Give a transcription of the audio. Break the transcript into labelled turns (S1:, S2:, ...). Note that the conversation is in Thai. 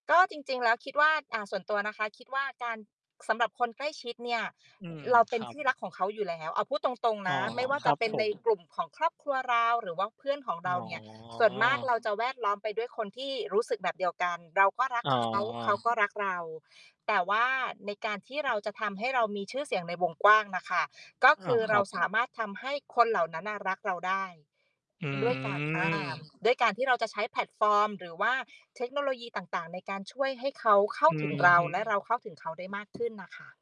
S1: ก็จริง ๆ แล้วคิดว่า อ่า ส่วนตัวนะคะ คิดว่าการ สำหรับคนใกล้ชิดเนี่ย
S2: อืม
S1: เราเป
S2: ค
S1: ็น
S2: รั
S1: ท
S2: บ
S1: ี่รักของเขาอยู่แล้ว เอาพูดตรง
S2: อ
S1: ๆ น
S2: ๋อ
S1: ะ ไม่ว่า
S2: ค
S1: จ
S2: ร
S1: ะ
S2: ับ
S1: เป็น
S2: ผ
S1: ใน
S2: ม
S1: กลุ่มของครอบครัวเรา หรือว่าเพื่อนของ
S2: อ
S1: เ
S2: ๋
S1: ราเนี่ย ส่วนมากเ
S2: อ
S1: ราจะแวดล้อมไปด้วยคนที่รู้สึกแบบเดียวกัน เราก็รัก
S2: อ๋อ
S1: เขา เขาก็รักเรา แต่ว่าในการที่เราจะทำให้เรามีชื่อเสียงในวงกว้างน่ะค่ะ ก็
S2: อ
S1: ค
S2: า
S1: ือ
S2: ค
S1: เร
S2: ร
S1: า
S2: ับ
S1: สามารถทำให้คนเหล่านั้นน่ะรักเราได้
S2: อื
S1: ด้วยการ อา
S2: ม
S1: ด้วยการที่เราจะใช้แพลตฟอร์ม หรือว่าเทคโนโลยีต่าง ๆ ในการช่วยให้เขาเข้า
S2: อื
S1: ถึง
S2: อ
S1: เรา
S2: ฮึ
S1: และเราเข้าถึงเขาได้มาก ขึ้นน่ะค่ะ